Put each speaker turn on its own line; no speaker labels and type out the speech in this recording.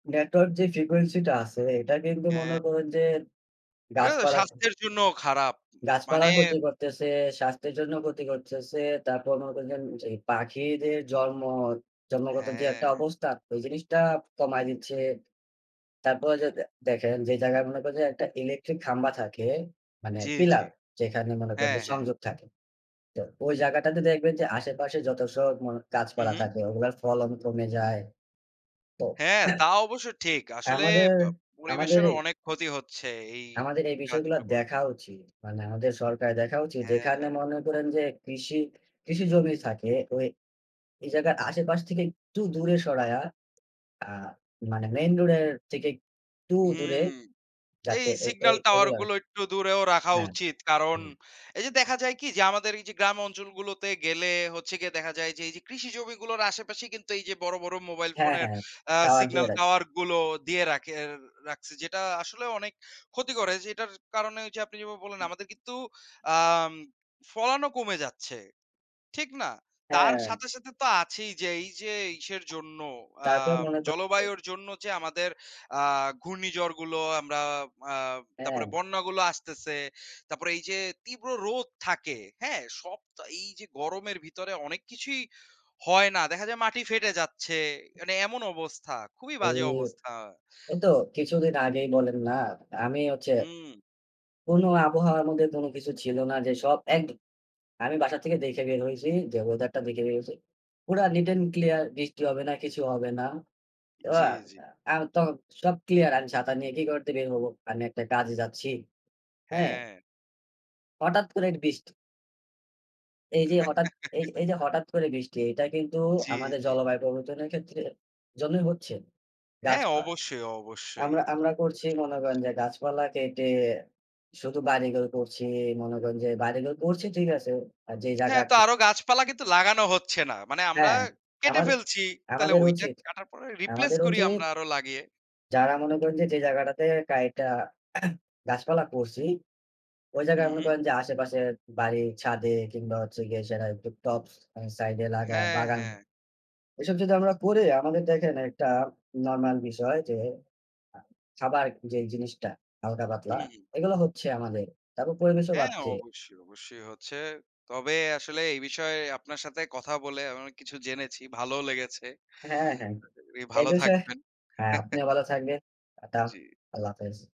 Network যে frequency টা আছে, এটা কিন্তু মনে
হ্যাঁ।
করুন যে,
এটা তো
গাছপালার ক্ষে
স্বাস্থ্যের জন্যও খারাপ। মানে
গাছপালার ক্ষতি করতেছে, স্বাস্থ্যের জন্য ক্ষতি করতেছে। তারপর মনে করছেন যে, পাখিদের জন্ম জন্মগত যে একটা
হ্যাঁ।
অবস্থা, ওই জিনিসটা কমায় দিচ্ছে। তারপর যে দে দেখেন যে, জায়গায় মনে করেন যে একটা ইলেকট্রিক খাম্বা থাকে মানে
জ্বী,
পিলার
জ্বী।
যেখানে মনে করেন
হ্যাঁ,
যে
হ্যাঁ।
সংযোগ থাকে। তো ওই জায়গাটাতে দেখবেন যে আশেপাশে যত সব মন গাছপালা
উহু।
থাকে, ওগুলোর ফলন কমে যায়। তো
হ্যাঁ, তা অবশ্যই ঠিক। আসলে,
আমাদের
প
আমাদের
পরিবেশেরও
এ
অনেক ক্ষতি হচ্ছে, এই
আমাদের এই বিষয়গুলো
কাজগুলো করাতে
দেখা উচিত। মানে, আমাদের সরকারের দেখা উচিত,
হ্যাঁ।
যেখানে মনে করেন যে কৃষি কৃষি জমি থাকে ওই এই জায়গার আশেপাশ থেকে একটু দূরে সরায়া আ মানে মেইন রোড এর থেকে একটু দূরে,
হুম। এই
যাতে এ এ
সিগনাল টাওয়ার
এগুলা
গুলো একটু দূরেও রাখা
হ্যাঁ,
উচিত। কারণ,
হুম।
এই যে দেখা যায় কি যে আমাদের এই যে গ্রাম অঞ্চলগুলোতে গেলে, হচ্ছে গিয়ে দেখা যায় যে, এই যে কৃষি জমিগুলোর আশেপাশে কিন্তু এই যে বড়, বড় মোবাইল
হ্যাঁ,
ফোনের
হ্যাঁ।
আ
টাওয়ার দিয়া
সিগনাল
রাখছে।
টাওয়ার গুলো দিয়ে রাখের রাখছে, যেটা আসলেও অনেক ক্ষতি করে। যেটার কারণে ওই যে আপনি যেভাবে বললেন,
[unintelligible]
আমাদের কিন্তু আম ফলনও কমে যাচ্ছে। ঠিক না? তার
হ্যাঁ।
সাথে, সাথে তো আছেই যে, এই যে ইসের জন্য,
তারপর
আম
মনে করেন যে
জলবায়ুর জন্য যে, আমাদের আ ঘূর্ণিঝড় গুলো আমরা আ তারপরে
হ্যাঁ।
বন্যা গুলো আসতেছে। তারপরে এই যে, তীব্র রোদ থাকে, হ্যাঁ? সব তো, এই যে গরমের ভিতরে অনেক কিছুই হয় না। দেখা যায়, মাটি ফেটে যাচ্ছে। মানে, এমন অবস্থা, খুবই
এই
বাজে অবস্থা।
এই তো কিছুদিন আগেই বলেন না আমি হচ্ছে,
হুম।
কোন আবহাওয়ার মধ্যে কোনো কিছু ছিল না যে, সব এক আমি বাসা থেকে দেইখা বের হইছি। যে ওয়েদারটা দেখে বের হইছি। পুরা নিট এন্ড ক্লিয়ার। বৃষ্টি হবে না, কিছু হবে না। তো আ
জ্বী, জ্বী।
আর তো সব ক্লিয়ার, আমি ছাতা নিয়ে কি করতে বের হব? আমি একটা কাজে যাচ্ছি। হ্যাঁ?
হ্যাঁ।
হঠাৎ করে বৃষ্টি। এই যে হঠাৎ এই যে এই যে হঠাৎ করে বৃষ্টি, এটা কিন্তু
জ্বী,
আমাদের
জ্বী।
জলবায়ু প্রবর্তনের ক্ষেত্রের জন্যই হচ্ছে
হ্যাঁ।
গাছপা
অবশ্যই, অবশ্যই।
আমরা
এটা
আমরা
তো
করছি
অবশ্যই
মনে
হচ্ছে।
করেন যে, গাছপালা কেটে শুধু বাড়ি-ঘর করছি। মনে করেন যে বাড়ি-ঘর করছি ঠিক আছে। আর যে
হ্যাঁ। তো,
জায়গাটা
আরো গাছপালা কিন্তু লাগানো হচ্ছে না। মানে, আমরা
হ্যাঁ।
কেটে
আমার
ফেলছি। তাইলে,
আমাদের
ওইটা
উচিত।
কাটার পরে রিপ্লেস
আমাদের
করি
উচিত
আমরা আরো লাগিয়ে।
যারা মনে করেন যে, যে জায়গাটাতে কাইটা গাছপালা করছি, ওই
হু,
জায়গায় মনে
হুম।
করেন যে, আশেপাশের বাড়ির ছাদে কিংবা হচ্ছে গিয়ে যারা একটু টবস সাইড এ লাগায়ে
হ্যাঁ,
বাগান।
হ্যাঁ।
এসব যদি আমরা করি, আমাদের দেখেন একটা নরমাল বিষয় যে, আ খাবার যেই জিনিসটা, হালকা-পাতলা,
হুম।
এগুলো হচ্ছে আমাদের। তবে পরিবেশও
হ্যাঁ।
বাচ্ছে।
অবশ্যই, অবশ্যই হচ্ছে। তবে আসলে এই বিষয়ে আপনার সাথে কথা বলে আমি অনেক কিছু জেনেছি। ভালোও লেগেছে।
হ্যাঁ, হ্যাঁ।
আশা করি
এই
ভালো
বিষয়
থাকবেন।
হ্যাঁ, আপনিও ভালো থাকবেন। আদাব।
জ্বী।
আল্লাহ হাফেজ।